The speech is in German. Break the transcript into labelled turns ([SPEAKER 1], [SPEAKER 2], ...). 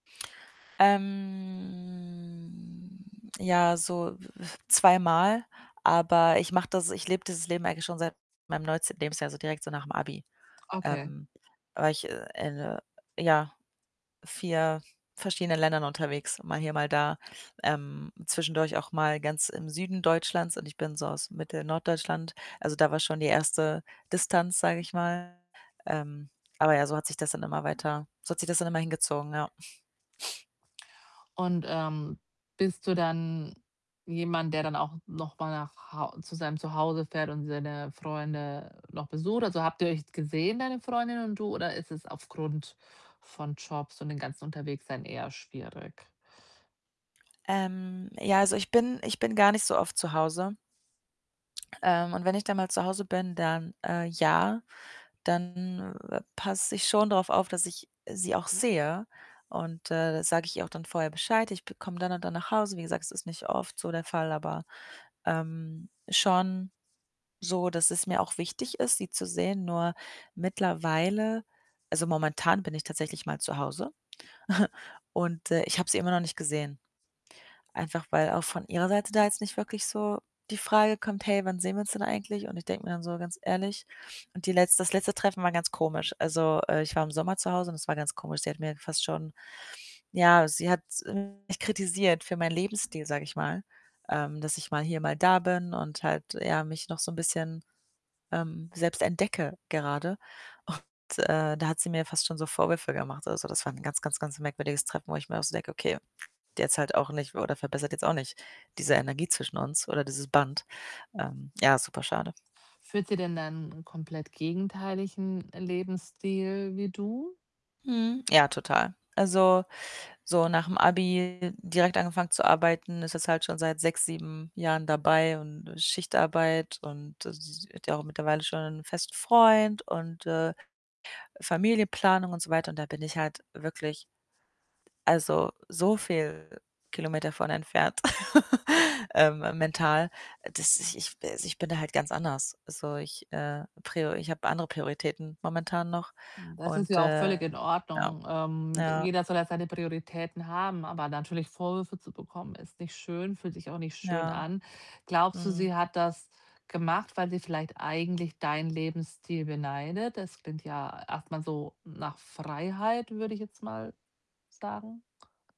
[SPEAKER 1] Ähm, ja, so, äh, zweimal, aber ich mache das ich lebe dieses Leben eigentlich schon seit meinem 19. Lebensjahr, also, direkt so nach'm Abi.
[SPEAKER 2] Okay.
[SPEAKER 1] Ähm, war ich in, äh, ja, 4 verschiedenen Ländern unterwegs, mal hier, mal da. Ähm, zwischendurch auch mal ganz im Süden Deutschlands und ich bin so aus Mittel, Norddeutschland. Also, da war schon die 1. Distanz, sage ich mal. Ähm, aber ja, so hat sich das dann immer weiter so hat sich das dann immer hingezogen, ja.
[SPEAKER 2] Und, ähm, bist du dann jemand, der dann auch noch mal nach Hau zu seinem Zuhause fährt und seine Freunde noch besucht? Also habt ihr euch gesehen, deine Freundin und du oder ist es aufgrund von Jobs und den ganzen Unterwegssein eher schwierig?
[SPEAKER 1] Ähm, ja, also ich bin ich bin gar nicht so oft zu Hause. Ähm, und wenn ich dann mal zu Hause bin, dann äh, ja, dann, äh, passe ich schon drauf auf, dass ich sie auch sehe. Und, äh, da sage ich ihr auch dann vorher Bescheid: „Ich be komme dann und dann nach Hause.“ Wie gesagt, es ist nicht oft so der Fall, aber, ähm, schon so, dass es mir auch wichtig ist, sie zu sehen. Nur mittlerweile also, momentan bin ich tatsächlich mal zu Hause und, äh, ich habe sie immer noch nicht gesehen. Einfach weil auch von ihrer Seite da jetzt nicht wirklich so die Frage kommt: „Hey, wann sehen wir uns denn eigentlich?“ Und ich denke mir dann so: „Ganz ehrlich” Und die letzte das letzte Treffen war ganz komisch. Also, äh, ich war im Sommer zu Hause und es war ganz komisch. Sie hat mir fast schon ja, sie hat mich kritisiert für meinen Lebensstil, sage ich mal, ähm, dass ich mal hier, mal da bin und halt, ja, mich noch so 'n bisschen, ähm, selbst entdecke gerade. Und, äh, da hat sie mir fast schon so Vorwürfe gemacht. Also, das war 'n ganz, ganz, ganz merkwürdiges Treffen, wo ich mir auch so denke: „Okay, der zahlt auch nicht oder verbessert jetzt auch nicht diese Energie zwischen uns oder dieses Band.“ Ähm, ja, superschade.
[SPEAKER 2] Führt sie denn dann 'n komplett gegenteiligen Lebensstil wie du?
[SPEAKER 1] Mhm, ja, total. Also, so nach'm Abi direkt angefangen zu arbeiten, ist jetzt halt schon seit 6, 7 Jahren dabei und, äh, Schichtarbeit und, äh, sie hat ja auch mittlerweile schon einen festen Freund und, äh, Familienplanung und so weiter. Und da bin ich halt wirklich also so viel Kilometer von entfernt,, ähm, mental, dass ich ich also, ich bin da halt ganz anders. So, ich, äh, prio ich habe andere Prioritäten momentan noch
[SPEAKER 2] Hm, das ist
[SPEAKER 1] und,
[SPEAKER 2] ja auch völlig
[SPEAKER 1] äh
[SPEAKER 2] in
[SPEAKER 1] ja,
[SPEAKER 2] Ordnung. Ähm, d
[SPEAKER 1] ja.
[SPEAKER 2] jeder soll ja seine Prioritäten haben, aber natürlich Vorwürfe zu bekommen, ist nicht schön, fühlt sich auch nicht schön
[SPEAKER 1] Ja.
[SPEAKER 2] an. Glaubst du,
[SPEAKER 1] Mhm.
[SPEAKER 2] sie hat das gemacht, weil sie vielleicht eigentlich deinen Lebensstil beneidet? Das klingt ja erst mal so nach Freiheit, würde ich jetzt mal sagen.